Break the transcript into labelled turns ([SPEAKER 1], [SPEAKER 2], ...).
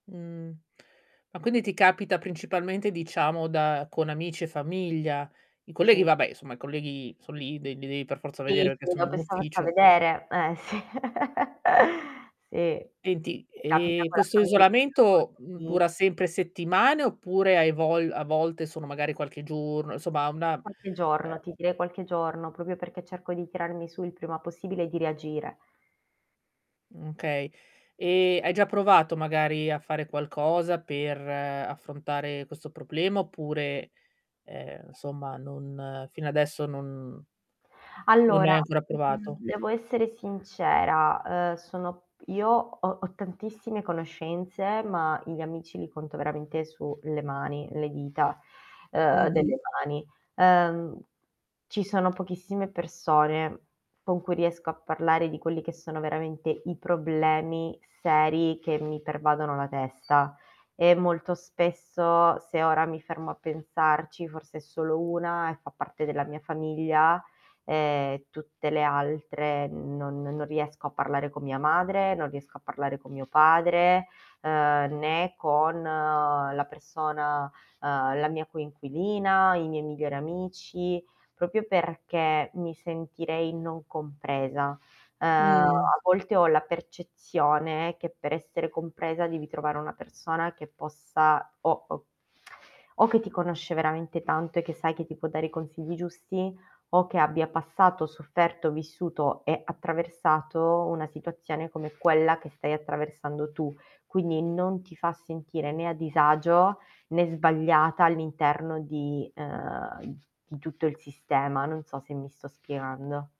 [SPEAKER 1] Mh. Ma quindi ti capita principalmente diciamo da con amici e famiglia? I colleghi
[SPEAKER 2] Sì.
[SPEAKER 1] vabbè, insomma, i colleghi son lì, de li devi per forza vedere
[SPEAKER 2] Sì, sì
[SPEAKER 1] perché sono in
[SPEAKER 2] [unintelligible]
[SPEAKER 1] ufficio.
[SPEAKER 2] vedere eh, sì. Sì,
[SPEAKER 1] Senti,
[SPEAKER 2] mi capita
[SPEAKER 1] e,
[SPEAKER 2] con la
[SPEAKER 1] questo isolamento,
[SPEAKER 2] famiglia
[SPEAKER 1] mhmm, dura sempre
[SPEAKER 2] [unintelligible]
[SPEAKER 1] settimane, oppure hai vogl a volte sono magari qualche giorno, insomma una,
[SPEAKER 2] Qualche
[SPEAKER 1] ehm
[SPEAKER 2] giorno, ti direi qualche giorno, proprio perché cerco di tirarmi su il prima possibile e di reagire.
[SPEAKER 1] Mh, okay. E, hai già provato, magari, a fare qualcosa per affrontare questo problema oppure, ehm, insomma non fino adesso non non hai
[SPEAKER 2] Allora,
[SPEAKER 1] ancora
[SPEAKER 2] mhmm,
[SPEAKER 1] provato?
[SPEAKER 2] devo essere sincera, uhm, sono io ho ho tantissime conoscenze, ma gli amici li conto veramente sulle mani le dita, uhm,
[SPEAKER 1] Mh-mh.
[SPEAKER 2] delle mani. Ehm, ci sono pochissime persone con cui riesco a parlare di quelli che sono veramente i problemi seri che mi pervadono la testa e molto spesso, se ora mi fermo a pensarci, forse è solo 1 e fa parte della mia famiglia, ehm, tutte le altre non non riesco a parlare con mia madre, non riesco parlare con mio padre, uhm, né con la persona uhm, la mia coinquilina, i miei migliori amici, proprio perché mi sentirei non compresa. Uhm,
[SPEAKER 1] Mh.
[SPEAKER 2] a volte ho la percezione che per essere compresa devi trovare una persona che possa o o o che ti conosce veramente tanto e che sai che ti può dare i consigli giusti o che abbia passato, sofferto, vissuto e attraversato una situazione come quella che stai attraversando tu. Quindi non ti fa sentire né a disagio né sbagliata all'interno di uhm, di tutto il sistema. Non so se mi sto spiegando.